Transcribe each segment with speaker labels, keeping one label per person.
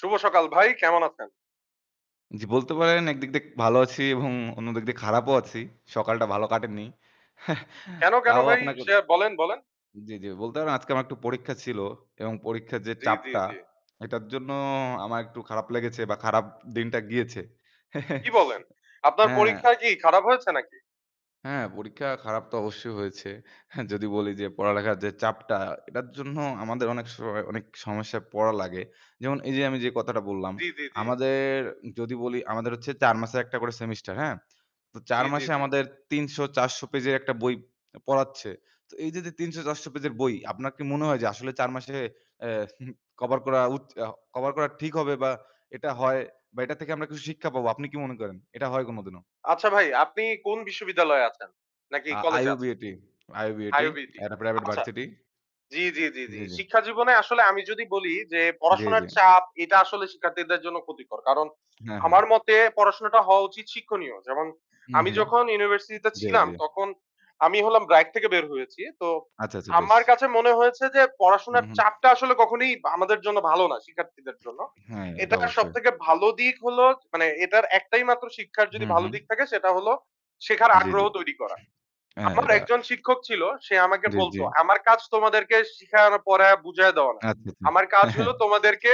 Speaker 1: শুভ সকাল ভাই! কেমন আছেন?
Speaker 2: জি বলতে পারেন একদিক দে ভালো আছি এবং অন্য দিক দিয়ে খারাপও আছি। সকালটা ভালো কাটেননি।
Speaker 1: কেন, কেন
Speaker 2: তাও
Speaker 1: ভাই?
Speaker 2: আপনাকে
Speaker 1: সে বলেন, বলেন।
Speaker 2: জ্বী, জ্বী বলতে পারেন আজকে আমার একটু পরীক্ষা ছিল এবং পরীক্ষার যে
Speaker 1: জ্বি, জ্বি,
Speaker 2: চাপটা,
Speaker 1: জ্বি।
Speaker 2: এটার জন্য আমার একটু খারাপ লেগেছে বা খারাপ দিনটা গিয়েছে।
Speaker 1: কী বলেন! আপনার
Speaker 2: অ্যা
Speaker 1: পরীক্ষায় কি খারাপ হয়েছে নাকি?
Speaker 2: হ্যাঁ পরীক্ষা খারাপ তো অবশ্যই হয়েছে। যদি বলি যে পড়ালেখার যে চাপটা, এটার জন্য আমাদের অনেক সময় অনেক সমস্যায় পড়া লাগে। যেমন এই যে আমি যে কথাটা বললাম,
Speaker 1: জ্বি, জ্বি, জ্বি।
Speaker 2: আমাদের যদি বলি আমাদের হচ্ছে ৪ মাছে একটা করে সেমেস্টার, হ্যাঁ? তো ৪
Speaker 1: জ্বি, জ্বি,
Speaker 2: মাসে
Speaker 1: জ্বি।
Speaker 2: আমাদের ৩০০-৪০০ পেজের একটা বই অ্যাম পড়াচ্ছে। তো এই দে, দে ৩০০-৪০০ পেজের বই, আপনার কি মনে হয় যে আসলে ৪ মাসে এ কভার করা উচ আ কভার করা ঠিক হবে? বা এটা হয়? বা এটার থেকে আমরা কিছু শিক্ষা পাবো? আপনি কি মনে করেন? এটা হয় কোনদিনও?
Speaker 1: আচ্ছা ভাই, আপনি কোন বিশ্ববিদ্যালয়ে আছেন? নাকি
Speaker 2: আ
Speaker 1: কলেজে আছে
Speaker 2: IUBAT IUBAT
Speaker 1: IUBAT
Speaker 2: একটা প্রাইভেট
Speaker 1: আচ্ছা
Speaker 2: ভার্সিটি।
Speaker 1: জি, জি, জি, জি।
Speaker 2: জ্বি, জ্বি।
Speaker 1: শিক্ষা জীবনে আসলে আমি যদি বলি যে
Speaker 2: জ্বি,
Speaker 1: পড়াশোনার
Speaker 2: জ্বি।
Speaker 1: চাপ এটা আসলে শিক্ষার্থীদের জন্য ক্ষতিকর। কারণ
Speaker 2: হ্যাঁ, হ্যাঁ।
Speaker 1: আমার মতে পড়াশোনাটা হওয়া উচিত শিক্ষণীয়। যেমন
Speaker 2: হু,
Speaker 1: আমি
Speaker 2: হু।
Speaker 1: যখন ইউনিভার্সিটিতে
Speaker 2: জ্বি,
Speaker 1: ছিলাম
Speaker 2: জ্বি।
Speaker 1: তখন আমি হলাম BRAC থেকে বের হয়েছি। তো
Speaker 2: আচ্ছা, আচ্ছা বেশ!
Speaker 1: আমার কাছে মনে হয়েছে যে
Speaker 2: হুম,
Speaker 1: পড়াশোনার
Speaker 2: হুম।
Speaker 1: চাপটা আসলে কখনোই আমাদের জন্য ভালো না, শিক্ষার্থীদের জন্য।
Speaker 2: হ্যাঁ, এটা
Speaker 1: এটা
Speaker 2: অবশ্যই।
Speaker 1: সবথেকে ভালো দিক হলো জ মানে এটার একটাই মাত্র শিক্ষার যদি
Speaker 2: হু,
Speaker 1: ভালো
Speaker 2: হু।
Speaker 1: দিক থাকে সেটা হলো, শেখার
Speaker 2: জ্বী,
Speaker 1: আগ্রহ
Speaker 2: জ্বী।
Speaker 1: তৈরি করা।
Speaker 2: হ্যাঁ
Speaker 1: আমার
Speaker 2: এটা
Speaker 1: এক জন শিক্ষক ছিল, সে আমাকে
Speaker 2: জ্বী,
Speaker 1: বলত
Speaker 2: জ্বী।
Speaker 1: আমার কাজ তোমাদেরকে শিখানো, পড়য়া বুঝায়া দেওয়া না।
Speaker 2: আচ্ছা, আচ্ছা।
Speaker 1: আমার কাজ
Speaker 2: হ্যাঁ, হ্যাঁ।
Speaker 1: হলো তোমাদেরকে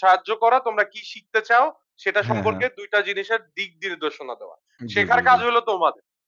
Speaker 1: সাহায্য করা তোমরা কি শিখতে চাও, সেটা
Speaker 2: হ্যাঁ,
Speaker 1: সম্পর্কে
Speaker 2: হ্যাঁ।
Speaker 1: ২ দুইটা জিনিসের দিক নির্দেশনা দেওয়া।
Speaker 2: উম জ্বী, জ্বী,
Speaker 1: শেখার কাজ
Speaker 2: জ্বী।
Speaker 1: হলো তোমাদে